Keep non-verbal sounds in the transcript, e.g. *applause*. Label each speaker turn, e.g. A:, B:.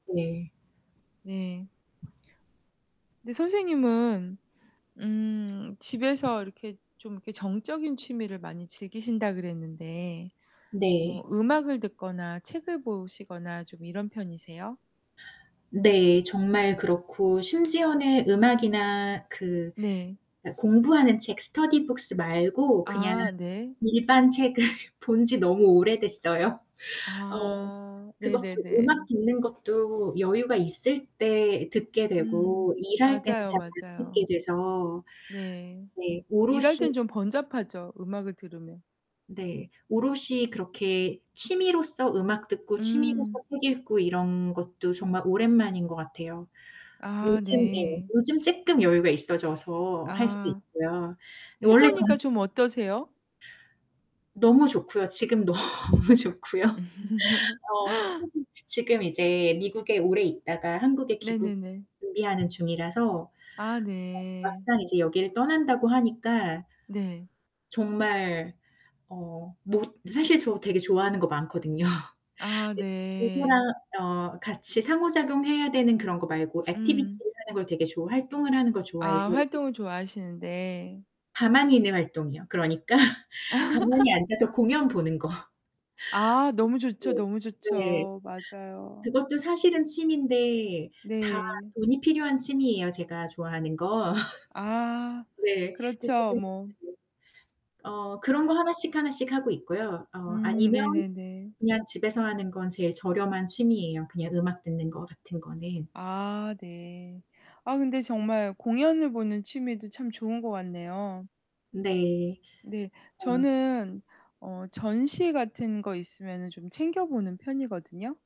A: 네.
B: 네. 근데 선생님은 음 집에서 이렇게 좀 이렇게 정적인 취미를 많이 즐기신다 그랬는데 뭐
A: 네.
B: 음악을 듣거나 책을 보시거나 좀 이런 편이세요?
A: 네. 정말 그렇고 심지어는 음악이나 그
B: 네.
A: 공부 하는 책, 스터디 북스 말고 그냥
B: 아 네.
A: 일반 책을 본 지 너무 오래됐어요. 어
B: 아
A: 그것도 음악
B: 네네네.
A: 듣는 것도 여유가 있을 때 듣게
B: 음.
A: 되고 일할 때는
B: 맞아요,
A: 잘 안 듣게
B: 맞아요.
A: 돼서.
B: 네.
A: 네.
B: 일할 땐
A: 오롯이
B: 좀 번잡하죠. 음악을 들으면.
A: 네. 오롯이 그렇게 취미로서 음악 듣고 취미로서
B: 음.
A: 책 읽고 이런 것도 정말 오랜만인 거 같아요.
B: 아
A: 요즘 예.
B: 네.
A: 요즘 쪼끔 여유가 있어져서 할 수
B: 아.
A: 있고요. 원래
B: 해보니까
A: 전
B: 좀 어떠세요?
A: 너무 좋고요. 지금 너무 좋고요.
B: *laughs*
A: 어 지금 이제 미국에 오래 있다가 한국에 귀국
B: 네네네.
A: 준비하는 중이라서 어
B: 아 네.
A: 막상 이제 여길 떠난다고 하니까
B: 네.
A: 정말 어 뭐 사실 저 되게 좋아하는 거 많거든요.
B: 아 네.
A: 누구랑 어 같이 상호 작용해야 되는 그런 거 말고
B: 음.
A: activity를 하는 걸 되게 좋아 활동을 하는 걸
B: 아
A: 좋아해서
B: 활동을 좋아하시는데.
A: 가만히 있는 활동이요. 그러니까 가만히
B: *laughs*
A: 앉아서 공연 보는 거.
B: 아 너무 좋죠, 너무
A: 네.
B: 좋죠. 맞아요.
A: 그것도 사실은 취미인데 다
B: 네.
A: 돈이 필요한 취미예요. 제가 좋아하는 거. *laughs*
B: 아.
A: 네.
B: 그렇죠 뭐.
A: *unintelligible* 어 그런 거 하나씩, 하나씩 하고 있고요. 어
B: 음.
A: 아니면
B: 네네네.
A: 그냥 집에서 하는 건 제일 저렴한 취미예요. 그냥 음악 듣는 거 같은 거는.
B: 아. 네. 아 근데 정말 공연을 보는 취미도 참 좋은 것 같네요.
A: 네.
B: 네.
A: 어.
B: 저는 어 전시 같은 거 있으면은 좀 챙겨보는 편이거든요.